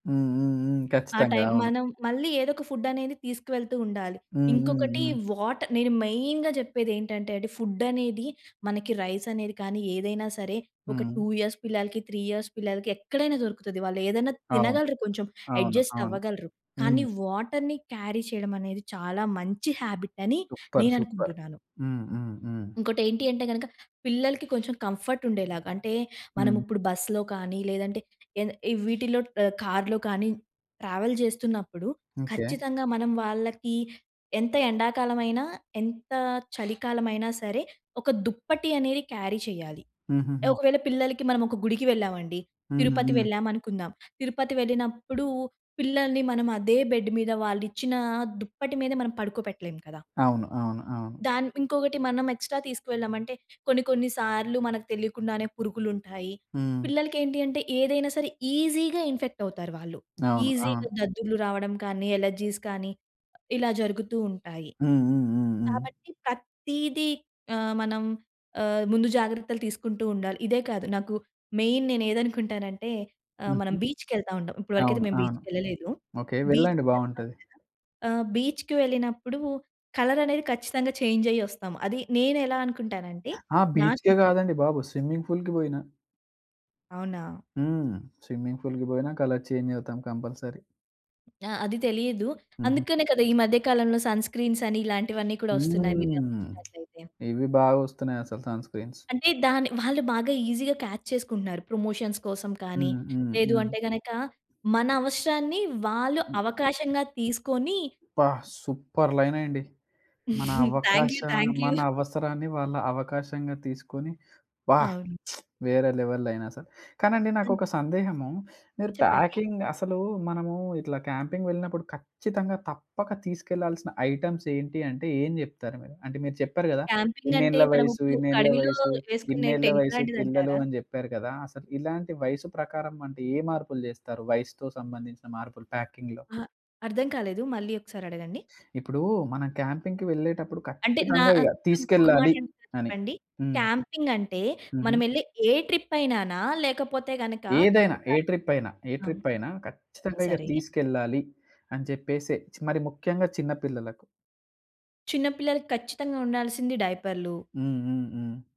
హ్మ్. హ్మ్. హ్మ్. ఆ ఖచ్చితంగా. టైమ్ అవును. మనం మళ్ళీ ఏదో ఒక ఫుడ్డనేది తీసుకువెళుతూ ఉండాలి. హ్మ్. హ్మ్. ఇంకొకటి హ్మ్. వాటర్. నేను మెయిన్‌గా చెప్పేది ఏంటంటండి ఫుడ్డనేది మనకి రైసనేది కానీ ఏదైనా సరే! ఒక హ్మ్. 2 ఇయర్స్ పిల్లలకి, 3 ఇయర్స్ పిల్లలకి ఎక్కడైనా దొరుకుతది. వాళ్ళు ఏదైనా అవును. తినగలరు కొంచెం. అవును. అడ్జస్ట్ అవును. అవ్వగలరు. కానీ హ్మ్. వాటర్‌ని క్యారీ చేయడమనేది చాలా మంచి హాబిట్ అని సూపర్! సూపర్! నేననుకుంటున్నాను. హ్మ్. హ్మ్. హ్మ్. ఇంకోటి ఏంటి అంటే గనక, పిల్లలకి కొంచెం కంఫర్ట్ ఉండేలాగా. అంటే మనం హ్మ్. ఇప్పుడు బస్సులో కానీ లేదంటే ఏద ఎ వీటిలో ఆహ్, కారులో కానీ ట్రావెల్ చేస్తున్నప్పుడు ఓకే. ఖచ్చితంగా మనం వాళ్ళకి ఎంత ఎండాకాలమైన, ఎంత చలికాలమైనా సరే! ఒక దుప్పటి అనేది క్యారీ చేయాలి. హుహుహు. ఒకవేళ పిల్లలకి మనం ఒక గుడికి వెళ్ళామండి. హ్మ్. తిరుపతి హ్మ్. వెళ్ళామనుకుందాం. తిరుపతి వెళ్ళినప్పుడు పిల్లల్ని మనం అదే బెడ్ మీద వావాళ్లిచ్చిన దుప్పటి మీద మనం పడుకోపెట్టలేం కదా! అవును. అవును. అవును. దాన్ ఇంకొకటి మనం ఎక్స్‌ట్రా తీసుకు వెళ్ళామంటే కొన్ని కొన్ని సార్లు మనకు తెలియకుండానే పురుగులుంటాయి. హ్మ్. పిల్లలకి ఏంటి అంటే ఏదైనా సరే ఈజిగా ఇన్ఫెక్ట్ అవుతారు వాళ్ళు. అవును. ఈజిగా అవును. దద్దుర్లు రావడం కానీ, అలెర్జీస్ కానీ ఇలా జరుగుతూ ఉంటాయి. హ్మ్. హ్మ్. హ్మ్. హ్మ్. కాబట్టి ప్రతీదీ ఆహ్, మనం ఆహ్, ముందు జాగ్రత్తలు తీసుకుంటూ ఉండాలి. ఇదే కాదు. నాకు మెయిన్ నేనేదకుంటానంటే ఆహ్, హుహు. మనం బీచ్‌కెళ్తా ఉంటాం. ఇప్పటివరకైతే అవును. మేము బీచ్‌‌ అవును. కెళ్ళలేదు. ఓకే. బీచ్‌ వెళ్ళండి కెళ్తాం కదా! బావుంటది. ఆహ్, బీచ్‌‌కి వెళ్ళినప్పుడు కలరనేది ఖచ్చితంగా చేంజ్ అయ్యి ఒస్తాము. అది నేను ఎలా అనుకుంటానంటే ఆ నాకు బీచ్‌కే కాదండి బాబు! స్విమ్మింగ్ ఫూల్‌కి బోయినా. అవునా! హ్మ్. స్విమ్మింగ్ ఫూల్‌కి బోయినా కలర్ చేంజ్ అవుతాం కంపల్సరీ. ఆ! అది తెలియదు. హుహు. అందుకనే కదా! ఈ మధ్య కాలంలో సన్ స్క్రీన్స్ అని ఇలాంటివన్నీ కూడా వస్తున్నాయి. మీరు హ్మ్. గమనించినట్లయితే. ఇవి బాగొస్తున్నాయసలు సన్ స్క్రీన్స్. అంటే దాన్ని వాళ్ళు బాగా ఈజిగా కాచ్ చేసుకుంటున్నారు. ప్రమోషన్స్ కోసం కానీ హ్మ్. హ్మ్. లేదు హ్మ్. అంటే గనక, మన అవసరాన్ని వాళ్ళు హ్మ్. అవకాశంగా తీసుకొని అబ్బా! సూపర్ లైనండి. మన థాంక్ యూ. అవకాశం థాంక్ యూ. మన అవసరాన్ని వాళ్ళ అవకాశంగా తీసుకొని, వాహ్! అవును. వేరే లెవెల్‌ లైనసలు. కానండి హ్మ్. నాకొక సందేహము. మీరు చెప్పండి. ప్యాకింగ్ అసలు మనము ఇట్లా క్యాంపింగ్ వెళ్ళినప్పుడు ఖచ్చితంగా తప్పక తీసుకెళ్లాల్సిన ఐటెమ్స్ ఏంటి అంటే ఏం జెప్తారు మీరు? అంటే మీరు చెప్పారు కదా! క్యాంపింగ్ అంటే ఇన్నేళ్ల మనము వయసు, ఇప్పుడు ఒక ఇన్నేళ్ల అడవిలో వయస్సు, వేసుకునే ఇన్నేళ్ల టెంట్ వయస్సు పిల్లలు లాంటిదంటారా? అని చెప్పారు కదా! అసలు ఇలాంటి వయసు ప్రకారం అంటే ఏ మార్పులు జేస్తారు? వయసుతో సంబంధించిన మార్పులు ప్యాకింగ్‌లో? అహా! అర్థం కాలేదు. మళ్ళీ ఒకసారి అడగండి. ఇప్పుడు మనం క్యాంపింగ్‌కి వెళ్ళేటప్పుడు అంటే నా ఖచ్చితంగా ఇగ అక్ ఒక మాట తీసుకెళ్లాలి అడుగుతా అని. చెప్పండి? హ్మ్. క్యాంపింగ్ అంటే హుహు. మనమెళ్ళె ఏ ట్రిప్పయినానా? లేకపోతే గనక ఏదైనా. ఒక ఏ ట్రిప్పయినా. ఏ అవును. ట్రిప్పయినా. హ్మ్. ఖచ్చితంగా ఇగ సరే! తీసుకెళ్లాలి అని చెప్పేసి మరి ముఖ్యంగా చిన్న పిల్లలకు? చిన్నపిల్లలకి ఖచ్చితంగా ఉండాల్సింది డైపరులు. హ్మ్. హ్మ్. హ్మ్.